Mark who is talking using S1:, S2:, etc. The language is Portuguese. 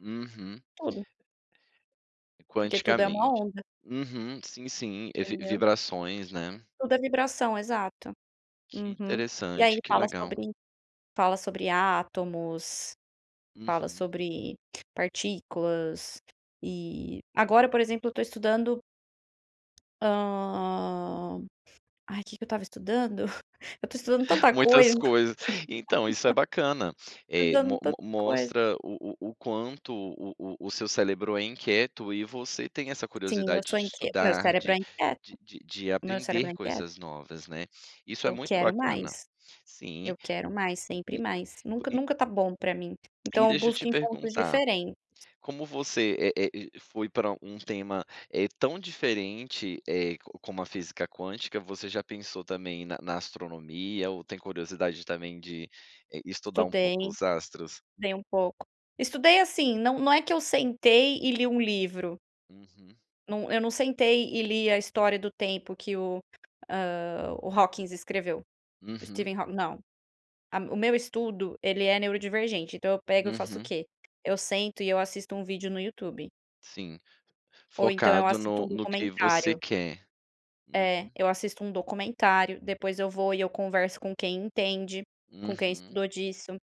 S1: Uhum.
S2: Tudo. Porque tudo é uma
S1: Quanticamente.
S2: onda.
S1: Uhum. Sim, sim, eh, vi
S2: Entendeu?
S1: vibrações, né.
S2: Tudo é vibração, exato.
S1: Que
S2: Uhum. E aí
S1: interessante, que
S2: fala
S1: legal.
S2: sobre fala sobre átomos, fala
S1: Uhum.
S2: sobre partículas e agora, por exemplo, eu tô estudando hã, ai que que eu estava estudando? Eu estou estudando tanta
S1: Muitas
S2: coisa.
S1: coisas, então, isso é bacana. Eh, mo
S2: Fazendo
S1: mo
S2: tanta coisa.
S1: mostra o o o quanto o o o seu cérebro é inquieto e você tem essa
S2: Sim, eu
S1: curiosidade
S2: sou
S1: de
S2: inquieto, meu
S1: estudar,
S2: cérebro
S1: de
S2: é inquieto.
S1: de de de
S2: Meu cérebro
S1: aprender
S2: é inquieto.
S1: coisas novas, né. Isso é
S2: Eu
S1: muito
S2: quero
S1: bacana,
S2: mais,
S1: sim.
S2: eu quero mais, sempre
S1: E
S2: mais. Nunca,
S1: e
S2: nunca tá bom para mim,
S1: e
S2: então eu
S1: deixa eu te
S2: busco em fontes
S1: perguntar.
S2: diferentes.
S1: Como você, eh eh, foi para um tema, eh, tão diferente, eh, com como a física quântica, você já pensou também na na astronomia ou tem curiosidade também de estudar um
S2: Estudei,
S1: pouco os
S2: estudei
S1: astros?
S2: um pouco. Estudei, assim, não, não é que eu sentei e li um livro.
S1: Uhum.
S2: Não, eu não sentei e li a história do tempo que o ah, o Hawkins escreveu. O
S1: Uhum.
S2: Steven Haw não. A O meu estudo, ele é neurodivergente, então eu pego eu faço o
S1: Uhum.
S2: quê? Eu sento e eu assisto um vídeo no YouTube.
S1: Sim,
S2: Ou então, eu
S1: focado
S2: assisto
S1: no
S2: um
S1: no que você
S2: documentário.
S1: quer. Uhum.
S2: É. Eu assisto um documentário, depois eu vou e eu converso com quem entende, com quem
S1: Uhum.
S2: estudou disso.